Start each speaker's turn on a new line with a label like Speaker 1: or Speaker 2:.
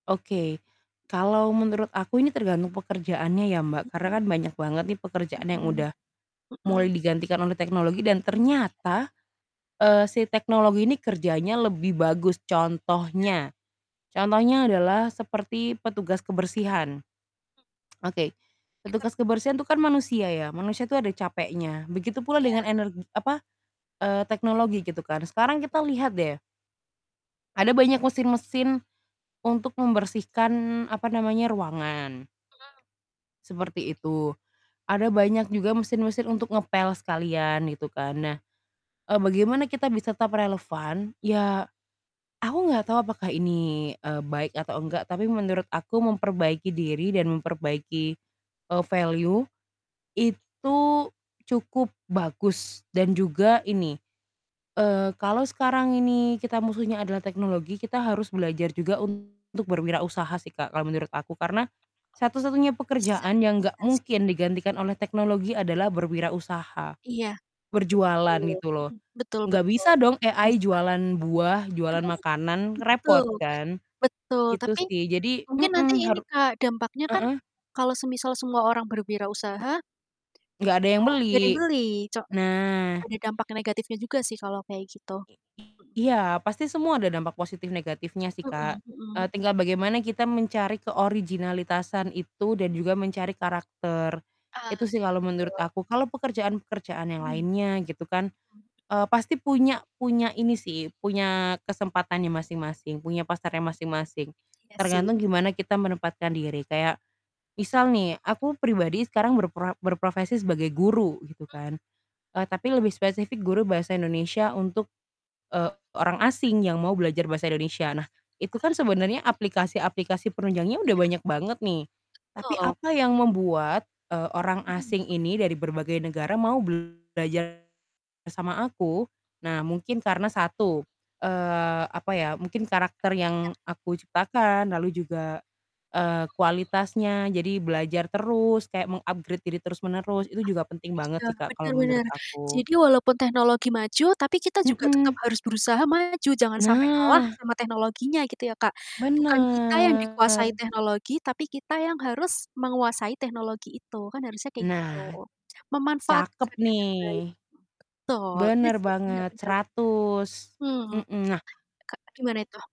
Speaker 1: Oke,
Speaker 2: Mhm.
Speaker 1: kalau menurut aku ini tergantung pekerjaannya ya, Mbak, karena
Speaker 2: Mmm.
Speaker 1: kan banyak banget nih pekerjaan yang
Speaker 2: Mhm.
Speaker 1: udah,
Speaker 2: Hmm.
Speaker 1: mulai digantikan oleh teknologi dan
Speaker 2: Iya.
Speaker 1: ternyata, eee, si teknologi ini kerjanya lebih bagus.
Speaker 2: Iya.
Speaker 1: Contohnya, contohnya adalah seperti petugas kebersihan.
Speaker 2: Mmm.
Speaker 1: Oke,
Speaker 2: Denger.
Speaker 1: petugas kebersihan itu kan manusia ya, manusia itu
Speaker 2: Iya.
Speaker 1: ada capeknya, begitu pula
Speaker 2: Iya.
Speaker 1: dengan ener apa, eee, teknologi gitu kan. Sekarang kita lihat deh ada banyak mesin-mesin untuk membersihkan, apa namanya, ruangan.
Speaker 2: Mhm.
Speaker 1: Seperti itu. Ada banyak juga mesin-mesin untuk ngepel sekalian gitu kan. Nah, eee, bagaimana kita bisa tetap relevan?
Speaker 2: Mhm.
Speaker 1: Ya, aku enggak tahu apakah ini, eee, baik atau enggak, tapi menurut aku memperbaiki diri dan memperbaiki, eee, value itu cukup bagus dan juga ini, eee, kalau sekarang ini kita musuhnya adalah teknologi, kita harus belajar juga untuk berwirausaha sih, Kak, kalau menurut aku. Karena satu-satunya
Speaker 2: Bisa
Speaker 1: pekerjaan yang enggak
Speaker 2: bisa sih.
Speaker 1: mungkin digantikan oleh teknologi adalah berwirausaha,
Speaker 2: Iya,
Speaker 1: berjualan
Speaker 2: betul,
Speaker 1: gitu loh.
Speaker 2: mhm, betul
Speaker 1: Enggak
Speaker 2: betul,
Speaker 1: bisa dong
Speaker 2: setuju
Speaker 1: AI
Speaker 2: bisa.
Speaker 1: jualan buah, jualan makanan, repot
Speaker 2: Betul,
Speaker 1: kan?
Speaker 2: betul,
Speaker 1: Gitu
Speaker 2: tapi
Speaker 1: sih. Jadi
Speaker 2: mungkin nanti
Speaker 1: mmm,
Speaker 2: ini,
Speaker 1: haru
Speaker 2: Kak, dampaknya kan
Speaker 1: heeh?
Speaker 2: kalau semisal semua orang berwirausaha
Speaker 1: Enggak ada
Speaker 2: e
Speaker 1: yang
Speaker 2: gak ada yang
Speaker 1: beli.
Speaker 2: beli, co
Speaker 1: Nah.
Speaker 2: ada dampak negatifnya juga sih, kalau kayak gitu.
Speaker 1: I
Speaker 2: Mhm
Speaker 1: iya, pasti semua ada dampak positif negatifnya sih Kak.
Speaker 2: Mhm
Speaker 1: Eee,
Speaker 2: mhm.
Speaker 1: tinggal bagaimana kita mencari keoriginalitasan itu dan juga mencari karakter.
Speaker 2: Ah,
Speaker 1: Itu sih kalau menurut
Speaker 2: betul.
Speaker 1: aku. Kalau pekerjaan-pekerjaan yang
Speaker 2: Mhm. Mmm.
Speaker 1: lainnya gitu kan, eee, pasti punya punya ini sih, punya kesempatannya masing-masing, punya pasarnya masing-masing.
Speaker 2: Iya sih.
Speaker 1: Tergantung gimana kita menempatkan diri. Kayak misal nih, aku pribadi sekarang berpra berprofesi sebagai guru gitu
Speaker 2: Mhm.
Speaker 1: kan. Eee, tapi lebih spesifik guru bahasa Indonesia untuk, eee, orang asing yang mau belajar bahasa Indonesia. Nah, itu kan
Speaker 2: Paham.
Speaker 1: sebenarnya aplikasi-aplikasi penunjangnya udah
Speaker 2: Iya.
Speaker 1: banyak banget nih, tapi
Speaker 2: Betul.
Speaker 1: apa yang membuat, eee, orang
Speaker 2: Mhm.
Speaker 1: asing ini dari berbagai negara mau belajar bersama aku? Nah, mungkin karena satu, eee, apa ya, mungkin karakter
Speaker 2: Iya.
Speaker 1: yang
Speaker 2: Mhm.
Speaker 1: aku ciptakan, lalu juga, eee,
Speaker 2: Betul.
Speaker 1: kualitasnya, jadi belajar terus
Speaker 2: Ah,
Speaker 1: kayak meng-upgrade diri terus-menerus itu juga penting banget
Speaker 2: kecil.
Speaker 1: sih, Kak, kalau
Speaker 2: Benar
Speaker 1: menurut
Speaker 2: benar.
Speaker 1: aku.
Speaker 2: Jadi walaupun teknologi maju tapi kita juga tetap
Speaker 1: Mmm.
Speaker 2: harus berusaha maju jangan sampai kalah
Speaker 1: Nah!
Speaker 2: sama teknologinya gitu ya, Kak. Bukan kita yang dikuasai
Speaker 1: Bener.
Speaker 2: teknologi, tapi kita yang harus menguasai teknologi itu, kan, harusnya kayak
Speaker 1: Nah,
Speaker 2: gitu.
Speaker 1: cakep
Speaker 2: Memanfaatkan
Speaker 1: nih.
Speaker 2: dengan baik. Betul. Iya
Speaker 1: Bener
Speaker 2: sih benar
Speaker 1: banget,
Speaker 2: benar benar.
Speaker 1: 100.
Speaker 2: Hmm.
Speaker 1: Mmm, nah
Speaker 2: E kak gimana itu?